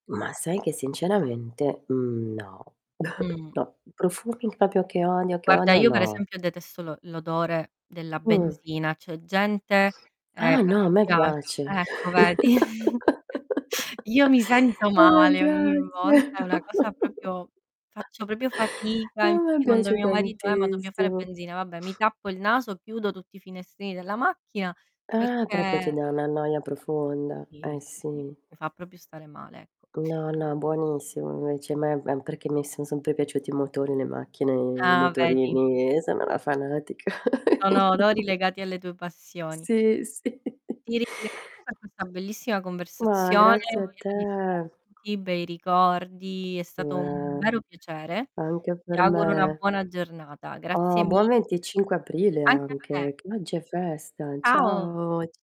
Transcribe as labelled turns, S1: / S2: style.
S1: Ma sai che sinceramente, mhmm, no,
S2: Mh.
S1: no, profumi proprio che odio, che
S2: Guarda
S1: odio,
S2: io per
S1: no.
S2: esempio detesto l'o l'odore della
S1: Mh.
S2: benzina, c'è gente, ehm,
S1: Ah
S2: a
S1: no
S2: cui
S1: a me
S2: piac
S1: piace.
S2: ecco vedi. Io mi sento
S1: A me
S2: male ogni
S1: piace.
S2: volta, è una cosa proprio faccio proprio
S1: A
S2: fatica,
S1: me
S2: infatti quando
S1: piace
S2: mio marito: "Eh ma dobbia fare
S1: tantissimo.
S2: benzina", vabbè mi tappo il naso, chiudo tutti i finestrini della macchina
S1: Ah, proprio ti
S2: perché
S1: dà una noia profonda.
S2: Sì,
S1: Eh
S2: sì, sì,
S1: sì.
S2: mi fa proprio stare male, ecco.
S1: No, no, buonissimo invece, a me ehm, perché mi son sempre piaciuti i motori, le macchine, i
S2: Ah, vedi?
S1: motorini e sono una fanatica,
S2: Sono
S1: quindi
S2: odori legati alle tue passioni.
S1: Sì, sì.
S2: Ti ringrazio per questa bellissima
S1: Ma
S2: conversazione,
S1: grazie a
S2: piena
S1: te.
S2: di spunti, bei ricordi, è stato un
S1: Eh,
S2: vero piacere.
S1: anche
S2: Ti
S1: per
S2: auguro una
S1: me.
S2: buona giornata. Grazie
S1: Oh! Buon
S2: mille.
S1: 25 aprile
S2: Anche a te.
S1: anche. Che oggi è festa.
S2: Ciao.
S1: Ciao, c